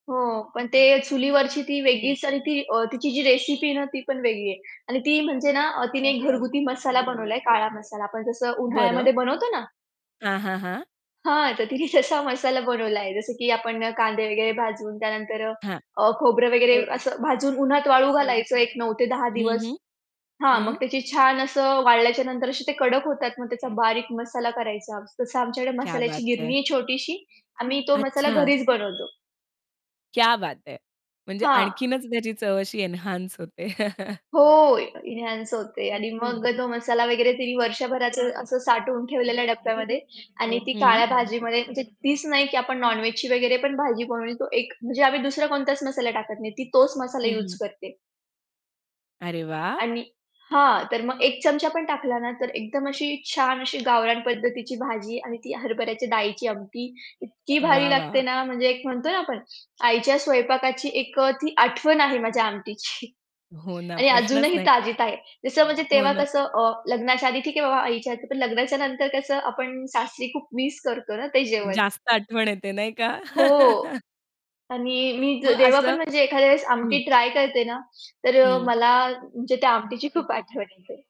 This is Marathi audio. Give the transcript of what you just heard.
हो, पण ते चुलीवरची ती वेगळीच आणि ती अ, तिची जी रेसिपी आहे ना, ती पण वेगळी आहे. आणि ती म्हणजे ना अ, तिने घरगुती मसाला बनवलाय काळा मसाला आपण जसं बरं. उन्हाळ्यामध्ये बनवतो ना. हां, हां, हां. हां, तर तिने तसा मसाला बनवलाय, जसं की आपण कांदे वगैरे भाजवून त्यानंतर अ, हां. अ, खोबरं वगैरे असं भाजून उन्हात वाळू घालायचं एक 9 ते 10 हं, दिवस. हं. हां, मग हं. त्याची छान असं वाळल्याच्या नंतर असे ते कडक होतात, मग त्याचा बारीक मसाला करायचा. तसं आमच्याकडे क्या मसाल्याची बात गिरणी है! आहे छोटीशी, आम्ही तो मसाला अच्छा. घरीच बनवतो. क्या बात है! म्हणजे हां. आणखीनच त्याची चव अशी एन्हान्स होते. हो, अ, इन्हांस होते आणि मग तो मसाला वगैरे तिनी वर्षभराचं असं साठवून ठेवलेल्या डब्यामध्ये आणि ती हं. काळ्या भाजीमध्ये म्हणजे तीच नाही की आपण नॉन-वेजची वगैरे पण भाजी बनवून तो एक म्हणजे आम्ही दुसरा कोणताच मसाला टाकत नाही ती तोच मसाला हं, यूज हं. करते. अरे, वाह! आणि हां, तर मग 1 चमचा पण टाकला ना, तर एकदम अशी छान अशी गावरान पद्धतीची भाजी आणि ती हरभऱ्याच्या डाळीची आमटी इतकी भारी वाह! वाह! लागते ना, म्हणजे एक म्हणतो ना आपण आईच्या स्वयंपाकाची एक अ, ती आठवण आहे माझ्या आमटीची. हो ना, आणि प्रश्नच अजूनही नाही. ताजीत आहे. जसं म्हणजे हो तेव्हा ना. कसं अ, लग्नाच्या आधी ठीक आहे बाबा आईच्या हातचं पण लग्नाच्या नंतर कसं आपण सासरी खूप मिस करतो ना ते जेवण. जास्त आठवण येते नाही का? हो. आणि मी ज मग जेव्हा पण असं म्हणजे एखाद्या वेळेस हं आमटी ट्राय करते ना, तर अ, हं. मला म्हणजे त्या आमटीची खूप आठवण येते.